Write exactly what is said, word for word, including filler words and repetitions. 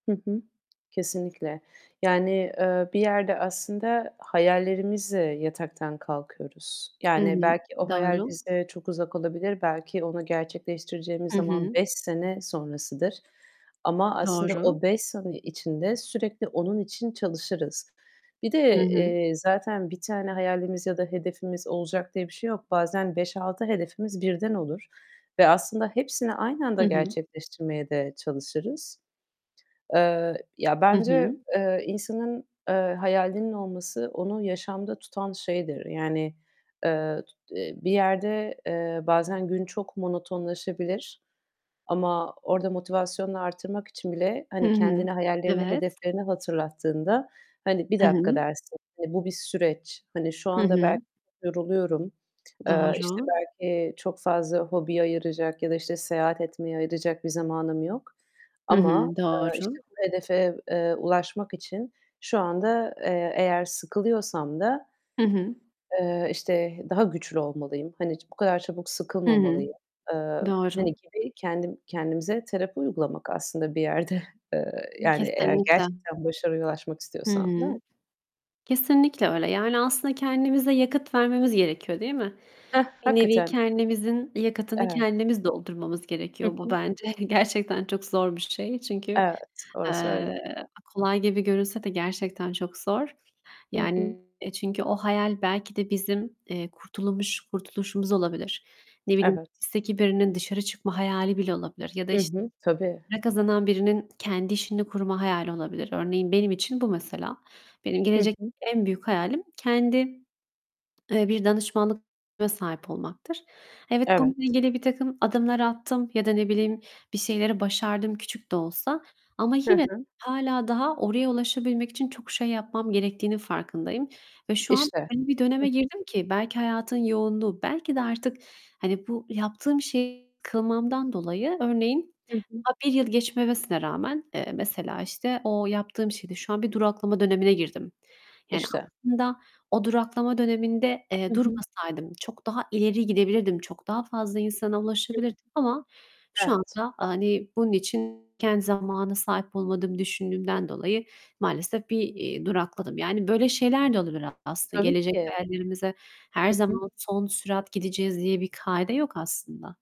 Hı hı, kesinlikle. Yani, eee, bir yerde aslında hayallerimizle yataktan kalkıyoruz. Hı Yani, hı. belki o hayal Doğru. bize çok uzak olabilir. Belki onu gerçekleştireceğimiz Hı zaman hı. beş sene sonrasıdır ama aslında Doğru. o beş sene içinde sürekli onun için çalışırız. Bir Hı de, hı. eee, zaten bir tane hayalimiz ya da hedefimiz olacak diye bir şey yok. Bazen beş altı hedefimiz birden olur ve aslında hepsini aynı anda Hı hı. gerçekleştirmeye de çalışırız. Eee, ya, Hı bence, hı. eee, insanın, eee, hayalinin olması onu yaşamda tutan şeydir. Yani, eee, tut eee, bir yerde, eee, bazen gün çok monotonlaşabilir ama orada motivasyonunu artırmak için bile, Hı hani hı. kendine hayallerini, Evet. hedeflerini hatırlattığında, hani "bir Hı dakika." hı. dersin. Hani, bu bir süreç. Hani, şu Hı anda belki hı. yoruluyorum, eee, işte Doğru. belki çok fazla hobiye ayıracak ya da, işte, seyahat etmeye ayıracak bir zamanım yok Hı ama, hı, eee, işte, doğru. bu hedefe, eee, ulaşmak için şu anda, eee, eğer sıkılıyorsam da Hı hı. eee, işte, daha güçlü olmalıyım. Hani bu kadar çabuk Hı hı, sıkılmamalıyım eee, doğru. hani, gibi kendim kendimize terapi uygulamak aslında bir yerde. Eee, yani eğer Kesinlikle. gerçekten başarıya ulaşmak Hı istiyorsan, değil mi? hı. Kesinlikle öyle. Yani, aslında kendimize yakıt vermemiz gerekiyor, değil mi? Hah, Bir nevi hakikaten. kendimizin yakıtını Evet. kendimiz doldurmamız Hı gerekiyor. Bu hı. bence gerçekten çok zor bir şey. Çünkü, Evet, orası öyle. eee, kolay gibi görünse de gerçekten çok zor. Hı hı. Yani çünkü o hayal belki de bizim, eee, kurtulumuş kurtuluşumuz olabilir. Ne bileyim, Evet. hapisteki birinin dışarı çıkma hayali bile olabilir ya da, Hı işte hı, tabii. para kazanan birinin kendi işini kurma hayali olabilir. Örneğin benim için bu mesela. Benim Hı gelecekteki hı. en büyük hayalim kendi, eee, bir danışmanlık [unintelligible] sahip olmaktır. Evet, bununla Evet. ilgili birtakım adımlar attım ya da, ne bileyim, bir şeyleri başardım küçük de olsa. Ama Hı yine de hı. hâlâ daha oraya ulaşabilmek için çok şey yapmam gerektiğinin farkındayım ve şu an İşte, öyle bir döneme hı hı. girdim ki belki hayatın yoğunluğu, belki de artık, hani, bu yaptığım şeyi kılmamdan dolayı örneğin Hı hı. daha bir yıl geçmemesine rağmen, eee, mesela, işte, o yaptığım şeyde şu an bir duraklama dönemine girdim. Yani İşte. aslında o duraklama döneminde, Hı eee, hı. durmasaydım çok daha ileri gidebilirdim. Çok daha fazla insana [unintelligible] ulaşabilirdim ama şu Evet. anda, hani, bunun için kendi zamana sahip olmadığımı düşündüğümden dolayı maalesef bir, eee, durakladım. Yani, böyle şeyler de olabilir aslında. Tabii Gelecek ki. hayallerimize her Hı hı. zaman son sürat gideceğiz diye bir kaide yok aslında